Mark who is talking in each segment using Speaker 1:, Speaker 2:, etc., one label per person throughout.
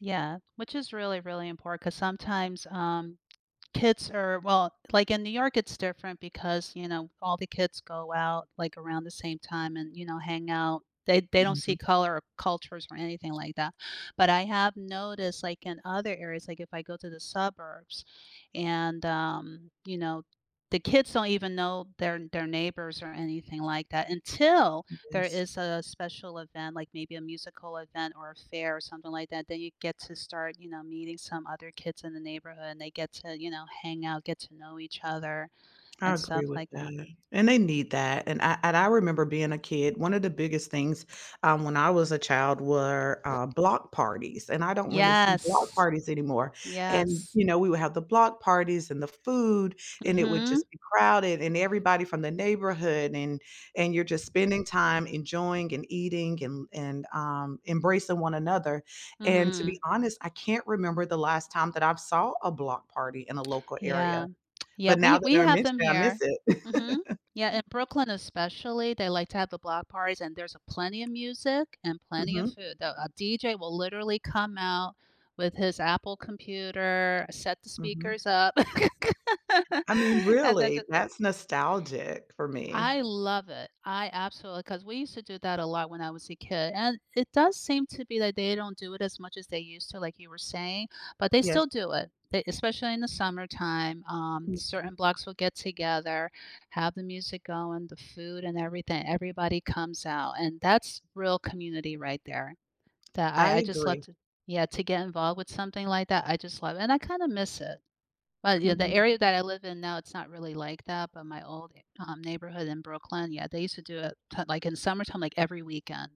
Speaker 1: Yeah, which is really, really import 'cause sometimes, um, kids are well, like, in New York, it's different because, you know, all the kids go out, like, around the same time and, you know, hang out. They they don't see
Speaker 2: Mhm.
Speaker 1: color, or cultures, or anything like that, but I have noticed, like, in other areas, like, if I go to the suburbs and, um, you know, the kids don't even know their their neighbors, or anything like that until there
Speaker 2: Yes.
Speaker 1: is a special event, like, maybe a musical event, or a fair, or something like that, then you get to start, you know, meeting some other kids in the neighborhood, and they get to, you know, hang out, get to know each other
Speaker 2: I
Speaker 1: and
Speaker 2: agree
Speaker 1: stuff
Speaker 2: with
Speaker 1: like that.
Speaker 2: that and they need that, and, I and I remember being a kid, 1 of the biggest things, um, when I was a child were, uh, block parties, and I don't really see block
Speaker 1: Yes!
Speaker 2: parties anymore, and,
Speaker 1: Yes.
Speaker 2: you know, we would have the block parties, and the food, and it would just
Speaker 1: Mhm.
Speaker 2: be crowded, and everybody from the neighborhood and and you're, just, spending time enjoying, and eating and and, um, embracing one another, and to be
Speaker 1: Mhm.
Speaker 2: honest, I can't remember the last time that I've saw a block party in a local
Speaker 1: Yeah,
Speaker 2: area,
Speaker 1: yeah,
Speaker 2: but
Speaker 1: we
Speaker 2: now that
Speaker 1: we
Speaker 2: I
Speaker 1: have
Speaker 2: mention
Speaker 1: them
Speaker 2: it, I miss
Speaker 1: here, mhm,
Speaker 2: it.
Speaker 1: yeah, in Brooklyn, especially, they like to have the block parties, and there's a plenty of music, and plenty of
Speaker 2: Mhm.
Speaker 1: food though, a DJ will literally come out with his Apple computer, set the
Speaker 2: Mhm.
Speaker 1: speakers up,
Speaker 2: I mean,
Speaker 1: and then,
Speaker 2: really,
Speaker 1: ju
Speaker 2: that's nostalgic for me.
Speaker 1: I love it, I absolu 'cause we used to do that a lot when I was a kid, and it does seem to be that they don't do it as much as they used to like you were saying, but they
Speaker 2: Yes.
Speaker 1: still do it, e especially in the summertime, um,
Speaker 2: Mhm.
Speaker 1: certain blocks will get together, have the music going, the food and everything everybody comes out, and that's real community right there, that
Speaker 2: I
Speaker 1: I I, just, love
Speaker 2: agree.
Speaker 1: to yeah, to get involved with something like that. I just love it, and I kinda miss it but, you the
Speaker 2: Mm.
Speaker 1: area that I live in now, it's not really like that, but my old, e um, neighborhood in Brooklyn, yeah, they used to do it to t like, in summertime, like, every weekend,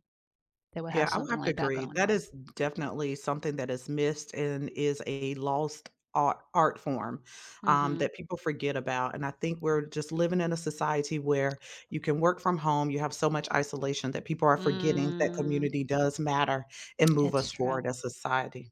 Speaker 1: they would have
Speaker 2: Yeah, I would
Speaker 1: something
Speaker 2: have to
Speaker 1: like that
Speaker 2: agree,
Speaker 1: going
Speaker 2: that
Speaker 1: on.
Speaker 2: is definitely something that is missed, and is a lost ar art form, um,
Speaker 1: Mhm.
Speaker 2: that people forget about, and I think we're just living in a society where you can work from home, you have so much isolation that people are forgetting that
Speaker 1: Mm.
Speaker 2: community does matter, and move
Speaker 1: It's
Speaker 2: us forward
Speaker 1: true.
Speaker 2: as a society.